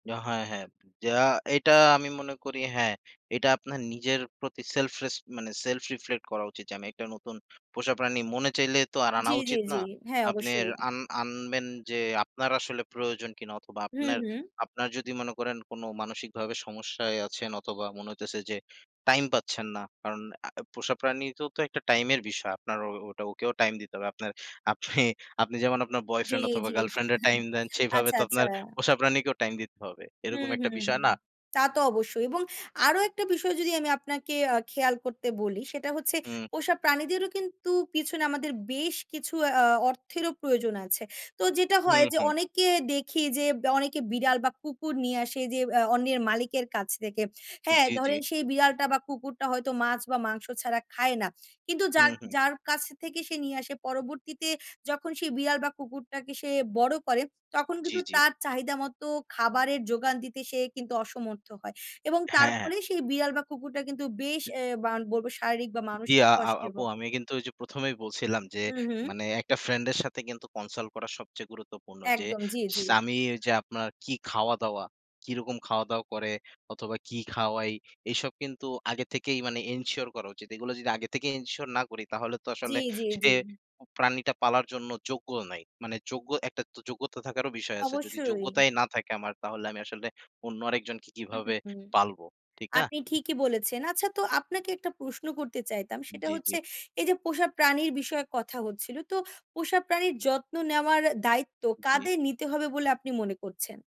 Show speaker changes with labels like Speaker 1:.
Speaker 1: যা হয় হ্যাঁ। যা এটা আমি মনে করি হ্যাঁ, এটা আপনার নিজের প্রতি সেলফ রেসপ মানে সেলফ রিফ্লেক্ট করা উচিত যে, আমি একটা নতুন পোষা প্রাণী মনে চাইলে তো আর আনা
Speaker 2: জ্বী, জ্বী,
Speaker 1: উচিত না।
Speaker 2: জ্বী। হ্যাঁ,
Speaker 1: আপনি
Speaker 2: অবশ্যই।
Speaker 1: আন আনবেন যে, আপনার আসলে প্রয়োজন কিনা অথবা
Speaker 2: হুম,
Speaker 1: আপনার,
Speaker 2: হুম।
Speaker 1: আপনার, যদি মনে করেন কোন মানসিকভাবে সমস্যায় আছেন অথবা মনে হইতেছে যে, টাইম পাচ্ছেন না। কারণ আ পোষা প্রাণীরও তো একটা টাইমের বিষয়। আপনার ও ওটা ওকেও টাইম দিতে হবে। আপনার আপনি আপনি যেমন আপনার
Speaker 2: জ্বী,
Speaker 1: বয়ফ্রেন্ড অথবা
Speaker 2: জ্বী।
Speaker 1: গার্লফ্রেন্ড এর টাইম দেন সেভাবে
Speaker 2: আচ্ছা,
Speaker 1: তো
Speaker 2: আচ্ছা।
Speaker 1: আপনার পোষা প্রাণীকেও টাইম দিতে হবে। এরকম
Speaker 2: হুম,
Speaker 1: একটা
Speaker 2: হুম, হুম।
Speaker 1: বিষয় না?
Speaker 2: তা তো অবশ্যই এবং আরো একটা বিষয় যদি আমি আপনাকে আ খেয়াল করতে বলি সেটা হচ্ছে
Speaker 1: হুম।
Speaker 2: পোষা প্রাণীদেরও কিন্তু পিছনে আমাদের বেশ কিছু আ অর্থেরও প্রয়োজন আছে। তো যেটা হয়
Speaker 1: হুম,
Speaker 2: যে,
Speaker 1: হুম।
Speaker 2: অনেকে দেখি যে, দ্যা অনেকে বিড়াল বা কুকুর নিয়ে আসে যে, আ অন্যের মালিকের কাছ থেকে। হ্যাঁ,
Speaker 1: জ্বি, জ্বি।
Speaker 2: ধরেন সেই বিড়াল, বিড়াল বা কুকুরটা হয়তো মাছ বা মাংস ছাড়া খায় না। কিন্তু
Speaker 1: হু,
Speaker 2: যার,
Speaker 1: হুম।
Speaker 2: যার, কাছ থেকে সে নিয়ে আসে পরবর্তীতে যখন সে বিড়াল বা কুকুরটাকে সে বড় করে তখন
Speaker 1: জ্বি,
Speaker 2: কিন্তু
Speaker 1: জ্বি।
Speaker 2: তার চাহিদা মতো খাবারের যোগান দিতে সে কিন্তু অসমর্থ হয়। এবং তার
Speaker 1: হ্যাঁ, হ্যাঁ।
Speaker 2: ফলে সেই বিড়াল বা কুকুরটা কিন্তু বেশ
Speaker 1: হুম।
Speaker 2: এ বা বলব শারীরিক বা
Speaker 1: জি,
Speaker 2: মানসিক
Speaker 1: আ, আ
Speaker 2: কষ্টে
Speaker 1: আপু
Speaker 2: [unintelligible]
Speaker 1: আমি কিন্তু ঐযে প্রথমেই বলছিলাম যে,
Speaker 2: হু, হুম।
Speaker 1: মানে একটা ফ্রেন্ড এর সাথে কিন্তু কনসাল্ট করা সবচেয়ে গুরুত্বপূর্ণ। যে,
Speaker 2: একদম। জ্বী, জ্বী।
Speaker 1: স্বামী যে, আপনার কি খাওয়া-দাওয়া কি রকম খাওয়া-দাওয়া করে অথবা কি খাওয়াই এসব কিন্তু আগে থেকেই মানে এনশিওর করা উচিত। এগুলো যদি আগে থেকেই এনশিওর না করি তাহলে তো
Speaker 2: জ্বী,
Speaker 1: আসলে
Speaker 2: জ্বী,
Speaker 1: সে
Speaker 2: জ্বী।
Speaker 1: প্রাণীটা পালার জন্য যোগ্যও নাই। মানে যোগ্য একটা যোগ্যতা থাকারও বিষয় আছে। যদি
Speaker 2: অবশ্যই।
Speaker 1: যোগ্যতাই না থাকে আমার তাহলে আমি আসলে অন্য আরেকজনকে
Speaker 2: হুম, হুম,
Speaker 1: কিভাবে
Speaker 2: হুম।
Speaker 1: পালবো। ঠিক না?
Speaker 2: আপনি ঠিকি বলেছেন। আচ্ছা তো আপনাকে একটা প্রশ্ন করতে চাইতাম। সেটা
Speaker 1: জ্বি, জ্বি।
Speaker 2: হচ্ছে এই যে, পোষা প্রাণীর বিষয়ে কথা হচ্ছিল। তো পোষা প্রাণীর যত্ন নেওয়ার দায়িত্ব
Speaker 1: জ্বি।
Speaker 2: কাদের নিতে হবে বলে আপনি মনে করছেন?